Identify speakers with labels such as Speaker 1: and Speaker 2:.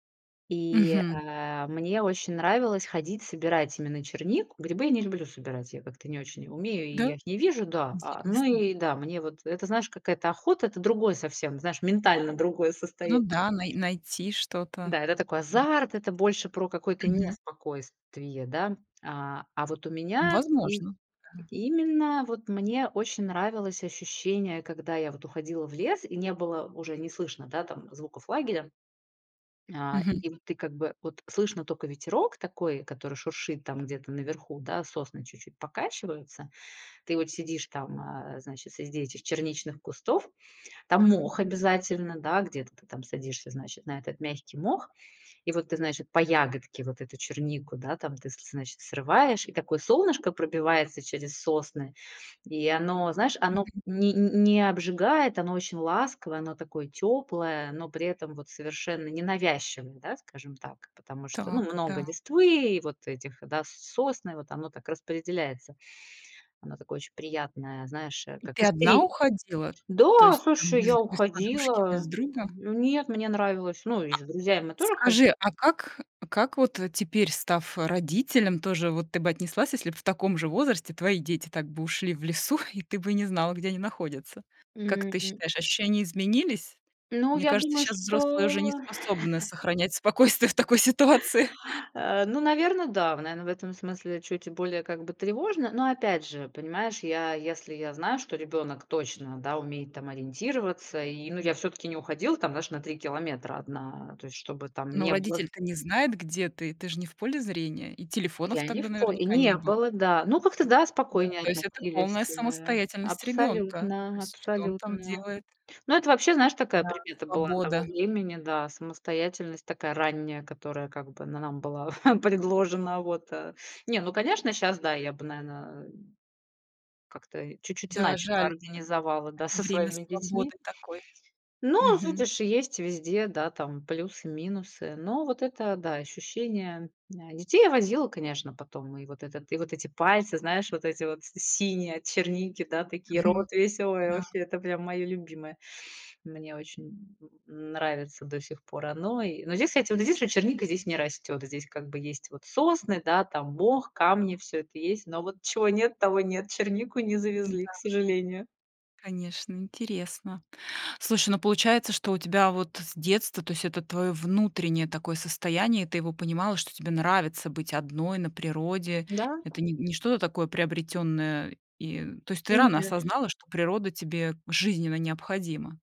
Speaker 1: И, э,
Speaker 2: Мгм.
Speaker 1: а, мне очень нравилось ходить, собирать именно чернику. Грибы я не люблю собирать, я как-то не очень и умею, и
Speaker 2: Да?
Speaker 1: я их не вижу. Да, а но
Speaker 2: Интересно.
Speaker 1: и да, мне вот это, знаешь, какая-то охота, это другое совсем, знаешь, ментально другое
Speaker 2: Ну
Speaker 1: состоян
Speaker 2: да, най найти что-то.
Speaker 1: Да, это такой
Speaker 2: М,
Speaker 1: азарт,
Speaker 2: птейт.
Speaker 1: это больше про какое-то
Speaker 2: Мгм.
Speaker 1: неспокойствие, да? А, а, вот у меня им
Speaker 2: Возможно. Да.
Speaker 1: и именно вот мне очень нравилось ощущение, когда я вот уходила в лес и не было уже, не слышно, да, там звуков лагеря. На
Speaker 2: Мгм.
Speaker 1: и вот ты, как бы, вот слышно тока ветерок такой, который шуршит там где-то наверху, да, сосны чуть-чуть покачиваются. Ты вот сидишь там, а, значит, среди этих черничных кустов- там мох обязательно, да, где-то ты там садишься, значит, на этот мягкий мох и вот ты, значит, по ягодке вот эту чернику, да, там, ты, с лес значит, срываешь. И такое солнышко пробивается через сосны, и оно, знаешь, оно в
Speaker 2: Мгм.
Speaker 1: не ни не обжигает, оно очень ласковое, оно такое тёплое, но при этом вот совершенно ненавязчивое, да, скажем так? Потому что, ну,
Speaker 2: Так,
Speaker 1: много
Speaker 2: да.
Speaker 1: листвы, вот этих, да, сосны, вот оно так распределяется. Оно такое очень приятное, знаешь, э,
Speaker 2: И
Speaker 1: как
Speaker 2: ты одна
Speaker 1: искрит
Speaker 2: уходила? То
Speaker 1: До а,
Speaker 2: есть, там,
Speaker 1: слушай,
Speaker 2: без
Speaker 1: я
Speaker 2: без подружки,
Speaker 1: уходила.
Speaker 2: без друга?
Speaker 1: М, ну нет, мне нравилось. Ну, и
Speaker 2: А
Speaker 1: с друзьями мы тоже ходили.
Speaker 2: скажи, а как, э, а как вот, э, теперь, став, э, родителем, тоже вот ты бы отнеслась, если бы в таком же возрасте твои дети так бы ушли в лесу, и ты бы не знала, где они находятся? Как ты
Speaker 1: М.
Speaker 2: считаешь, ощущения изменились?
Speaker 1: Ну,
Speaker 2: Мне
Speaker 1: я
Speaker 2: кажется,
Speaker 1: думаю,
Speaker 2: щас взрослые уже не
Speaker 1: что
Speaker 2: способны сохранять спокойствие в такой ситуации.
Speaker 1: А, ну, наверно, да, в наверно, в этом смысле чуть более, как бы, тревожно. Но опять же, понимаешь, я, если я знаю, что ребёнок точно, да, умеет там ориентироваться, и, ну, я всё-таки не уходила, там, знаешь, даже на 3 километра одна, то есть, что бы там
Speaker 2: Но
Speaker 1: ни было.
Speaker 2: родитель-то не знает, где ты. Ты же не в поле зрения. И телефонов
Speaker 1: Я не
Speaker 2: тогда
Speaker 1: в по и
Speaker 2: наверняка не
Speaker 1: не
Speaker 2: было.
Speaker 1: было, да. Ну, как-то да,
Speaker 2: Да.
Speaker 1: спокойнее
Speaker 2: То есть это полная
Speaker 1: относились, эмэ,
Speaker 2: самостоятельность ребёнка. То
Speaker 1: абсолютно,
Speaker 2: есть что он там
Speaker 1: абсолютно.
Speaker 2: делает?
Speaker 1: Ну, это вообще, знаешь, такая
Speaker 2: Да,
Speaker 1: примета была
Speaker 2: свобода.
Speaker 1: того времени. Да, самостоятельность такая ранняя, которая, как бы, на нам была предложена. Вот. А, не, ну, конечно, щас, да, я бы, наверно, как-то и чуть-чуть
Speaker 2: Да,
Speaker 1: иначе бы
Speaker 2: жаль.
Speaker 1: организовала,
Speaker 2: А.
Speaker 1: да, со
Speaker 2: Время
Speaker 1: своими детьми.
Speaker 2: свободы такой.
Speaker 1: Ну,
Speaker 2: Мгм.
Speaker 1: видишь, и есть везде, да, там плюсы, минусы. Но вот это, да, ощущение м на детей я возила, конечно, потом. И вот этот и вот эти пальцы, знаешь, вот эти вот с синие от черники, да, такие,
Speaker 2: Мгм.
Speaker 1: рот весь. А, ой,
Speaker 2: Да.
Speaker 1: ваще, это прям моё любимое. Мне очень н нравится до сих пор оно, и Но здесь, кстати, вот здесь вот черника здесь не растёт. Здесь как бы есть вот сосны, да, там мох, камни, всё это есть. Но вот чего нет, того нет. Чернику не завезли, к
Speaker 2: Н-да.
Speaker 1: сожалению.
Speaker 2: Конечно, интересно. Слушай, ну, получается, что у тебя вот с детства, то есть это твоё внутреннее такое состояние, и ты его понимала, что тебе нравится быть одной на природе,
Speaker 1: Да.
Speaker 2: это не не что-то такое приобретённое, и, э, то есть ты рано
Speaker 1: Нет.
Speaker 2: осознала, что природа тебе жизненно необходима.